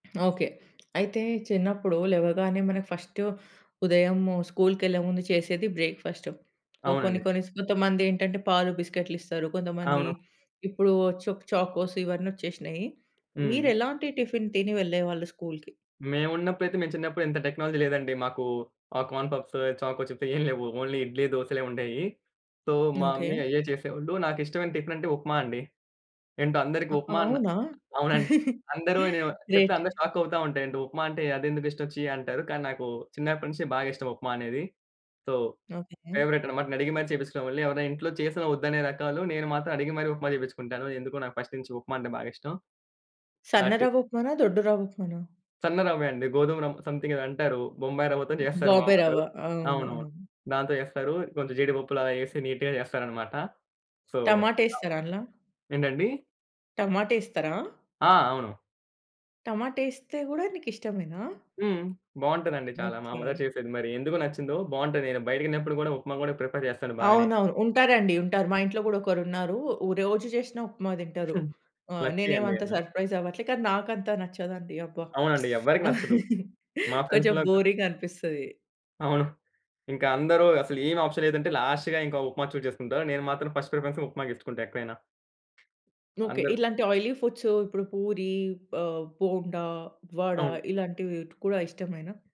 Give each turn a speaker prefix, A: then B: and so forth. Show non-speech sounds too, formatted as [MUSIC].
A: Okay. అయితే చిన్నప్పుడు లేవగానే మనకు ఫస్ట్ ఉదయం స్కూల్‌కెళ్ళే ముందు చేసేది బ్రేక్‌ఫాస్ట్. సో, కొన్ని
B: అవునండి.
A: కొన్ని స్ కొంతమందేంటంటే పాలు బిస్కెట్‌లిస్తారు. కొంతమంది
B: అవును.
A: ఇప్పుడు చుక్ చాకోస్ ఇవన్నొచ్చేసినాయి.
B: హ్మ్.
A: మీరెలాంటి టిఫిన్ తిని వెళ్ళేవాళ్ళు స్కూల్‌కి?
B: మేమున్నప్పుడైతే మేము చిన్నప్పుడు ఇంత టెక్నాలజీ లేదండి. మాకు ఆ కార్న్‌పఫ్స్, చాకోచిప్స్ ఏం లేవు. ఓన్లీ ఇడ్లీ, దోసలే ఉండేయి. సో మా మమ్మీ
A: ఓకే.
B: అయ్యే చేసేవాళ్ళు. నాకిష్టమైన టిఫిన్ అంటే ఉప్మా అండి. ఏంటో అందరికి
A: అ
B: ఉప్మా అన్న
A: అవునా?
B: అవునండి. [CHUCKLES]
A: [CHUCKLES]
B: అందరు అనే వా చెప్తే
A: గ్రేట్.
B: అందరు షాక్ అవుతా ఉంటా "ఏంటో ఉప్మా అంటే అదెందుకిష్టం? ఛీ" అంటారు. కానీ నాకు చిన్నప్పటి నుంచి బాగా ఇష్టం ఉప్మా అనేది. So
A: okay.
B: ఫేవరైట్ అన్నమాట. నెను అడిగి మరి చేపించుకునేవాణ్ణి. ఎవరైనా ఇంట్లో చేసిన ఒద్దనే రకాలు నేను మాత్రం అడిగి మరి ఉప్మా చేపించుకుంటాను. ఎందుకో నాకు ఫస్ట్ నుంచి ఉప్మా అంటే బాగిష్టం. ఆ!
A: సన్న
B: టి
A: రవ్వ ఉప్మానా? దొడ్డు రవ్వు ఉప్మానా?
B: సన్న రవ్వే అండి. గోధుమ రవ్ సమ్‌థింగ్ ఏదో అంటారు. బొంబాయి రవ్వతో జేస్తారు మా
A: బాంబే
B: అమ్మోళ్లు.
A: రవ్వ అవునవును.
B: అవునవును. దాంతో చేస్తారు. కొంచెం జీడిపప్పులలా యేసి నీట్‌గా జేస్తారన్నమాట. సో అవును.
A: టమాటేస్తారా అండ్ల?
B: ఏంటండి?
A: టమాటేస్తారా?
B: ఆ! అవును.
A: టమాటేస్తే గూడా నీకిష్టమేనా?
B: హ్మ్. బాగుంటదండి చాలా. మా అమ్మగారు
A: ఓకే.
B: చేసేది మరి ఎందుకు నచ్చిందో బాగుంటది నేను బయటికెళ్ళినప్పుడు గూడా ఉప్మా గూడా ప్రిఫర్ చేస్తాను బానే.
A: అవునవును. ఉంటారండి ఉంటారు. మా ఇంట్లో గూడా ఒకరున్నారు. ఉ రోజు జేశిన ఉప్మా తింటారు.
B: [CHUCKLES]
A: ఆహ్,
B: లక్కీ
A: నేనేం
B: అండి
A: అంత
B: అలా.
A: సర్ప్రైజ్ అవ్వట్లే, కానీ నాకంత నచ్చదండి. అబ్బా!
B: అవునండి.
A: [SMACKS LIPS]
B: ఎవరికీ నచ్చదు.
A: [CHUCKLES]
B: మా
A: కొంచెం
B: ఫ్రెండ్స్‌లో కా
A: బోరింగ్ అనిపిస్తది.
B: అవును. ఇంకా అందరు అసలు ఏం ఆప్షన్ లేదంటే లాస్ట్‌గా ఇంక ఉప్మా చూజ్ జేసుకుంటారు. నేను మాత్రం ఫస్ట్ ప్రిఫరెన్స్ ఉప్మాకిచ్చుకుంట ఎక్కడైనా.
A: ఓకే.
B: అందరు
A: ఇలాంటి ఆయిలీ ఫుడ్స్ ఇప్పుడు పూరి ఆహ్, బోండా వడ
B: అవును.
A: ఇలాంటివి ట్ కూడా ఇష్టమేనా?